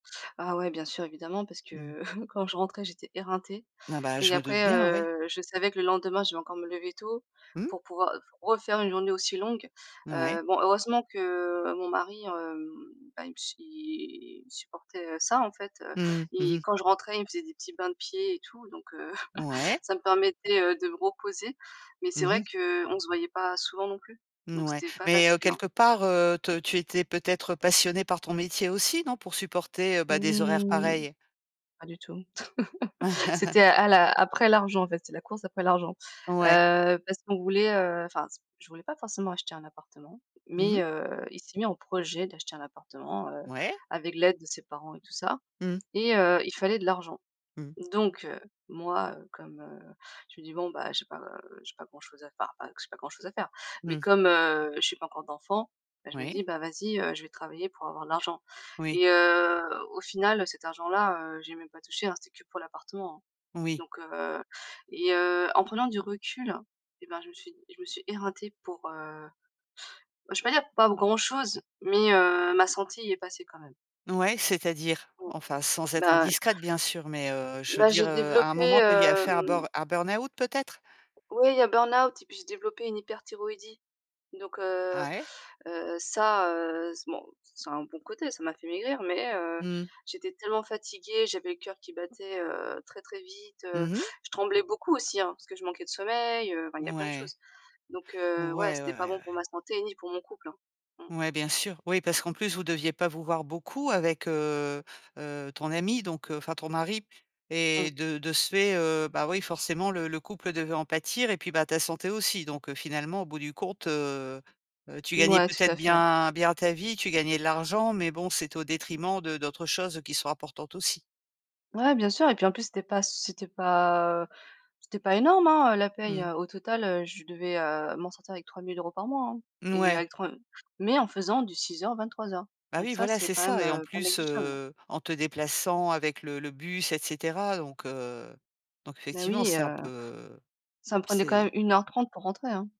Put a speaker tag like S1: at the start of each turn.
S1: Ah ouais bien sûr évidemment parce
S2: Mmh.
S1: que, quand je rentrais j'étais éreintée
S2: Ah bah
S1: et
S2: je me doute
S1: après,
S2: bien, ouais.
S1: heu, je savais que le lendemain je vais encore me lever tôt
S2: Mmh.
S1: pour pouvoir refaire une journée aussi longue.
S2: Mouais.
S1: Heu, bon heureusement que mon mari, hem, bah il me il supportait ça en fait, heu,
S2: Mmh. Mmh
S1: et
S2: mh.
S1: quand je rentrais, il me faisait des petits bains de pieds et tout, donc heu,
S2: Ouais.
S1: ça me permettait, heu, de me reposer, mais
S2: Mmh
S1: c'est vrai
S2: mh.
S1: qu'on se voyait pas souvent non plus, donc
S2: Mouais,
S1: c'était pas
S2: mais heu,
S1: facile, hein.
S2: quelque part, heu, t tu étais peut-être passionnée par ton métier aussi, non, pour supporter, bah des horaires
S1: Mmh.
S2: pareils?
S1: Pas du tout. C'était à la après l'argent en fait, c'est la course après l'argent.
S2: Ouais.
S1: Heu. Parce qu'on voulait, heu, enfin, je voulais pas forcément acheter un appartement,
S2: Mmh
S1: mais
S2: mh.
S1: heu, il s'est mis en projet d'acheter un appartement, heu,
S2: Ouais.
S1: avec l'aide de ses parents et tout ça,
S2: Mmh.
S1: et heu, il fallait de l'argent,
S2: Mmh.
S1: donc heu, moi, heu, comme, heu, je me dis bon bah j'ai pas j'ai pas grand chose à faire, enfin pas que j'ai pas grand chose à faire, mais
S2: Mmh.
S1: comme, heu, j'ai pas encore d'enfant, ben je me
S2: Oui.
S1: dis, bah vas-y, heu, je vais travailler pour avoir de l'argent,
S2: Oui.
S1: et heu, au final, cet argent là, heu, j'y ai même pas touché hein, c'était que pour l'appartement, hein,
S2: Oui.
S1: donc heu, et heu, en prenant du recul, et bah je me suis je me suis éreintée pour, heu, bah je vais pas dire pas grand-chose, mais heu, ma santé y est passée quand même.
S2: Ouais, c'est-à-dire?
S1: Mmh.
S2: Enfin sans être
S1: Bah
S2: indiscrète bien sûr, mais heu, je veux
S1: Bah
S2: dire,
S1: j'ai
S2: heu, à un
S1: développé,
S2: moment, tu as eu à faire un
S1: hem
S2: burn un burn-out peut-être?
S1: Oui il y a burn-out et puis j'ai développé une hyperthyroïdie, donc heu
S2: Ah ouais.
S1: heu, ça, heu, c'est, bon, ça a un bon côté, ça m'a fait maigrir, mais heu,
S2: Mmh.
S1: j'étais tellement fatiguée, j'avais le cœur qui battait, heu, très, très vite, heu,
S2: Mmh mh.
S1: je tremblais beaucoup aussi hein, parce que je manquais de sommeil, heu, enfin il
S2: Ouais.
S1: y
S2: Ouais,
S1: a
S2: ouais, ouais,
S1: plein de
S2: ouais.
S1: choses, donc heu, ouais,
S2: Ouais. Ouais, ouais,
S1: c'était
S2: ouais,
S1: pas bon
S2: ouais.
S1: pour ma santé ni pour mon couple, hein. Mmh.
S2: Ouais, bien sûr. Oui, parce qu'en plus, vous deviez pas vous voir beaucoup avec, heu heu, ton ami, donc enfin ton mari, et
S1: Mmh.
S2: de de ce fait, heu, bah oui, forcément, le le couple devait en pâtir, et puis, bah ta santé aussi, donc heu, finalement, au bout du compte, heu heu, tu gagnais
S1: Ouais tout
S2: peut-être
S1: à fait.
S2: bien bien ta vie, tu gagnais de l'argent, mais bon, c'était au détriment de d'autres choses qui sont importantes aussi.
S1: Ouais bien sûr et puis en plus c'était pas c c'était pas, heu, c'était pas énorme hein la paye,
S2: Mmh.
S1: heu, au total, heu, je devais, heu, m'en sortir avec 3 000 € par mois hein,
S2: N
S1: et
S2: ouais.
S1: avec 3 mais en faisant du 06:00, 23:00,
S2: Bah
S1: donc
S2: oui,
S1: ça
S2: voilà,
S1: c'est
S2: c'est
S1: quand même,
S2: ça, et en
S1: heu, pas
S2: plus,
S1: négligeable.
S2: heu, en te déplaçant avec le le bus, et cetera, donc heu, donc
S1: Bah
S2: effectivement
S1: oui,
S2: c'est un
S1: heu,
S2: peu,
S1: ça me prenait quand même
S2: c'est
S1: 1 heure 30 pour rentrer, hein.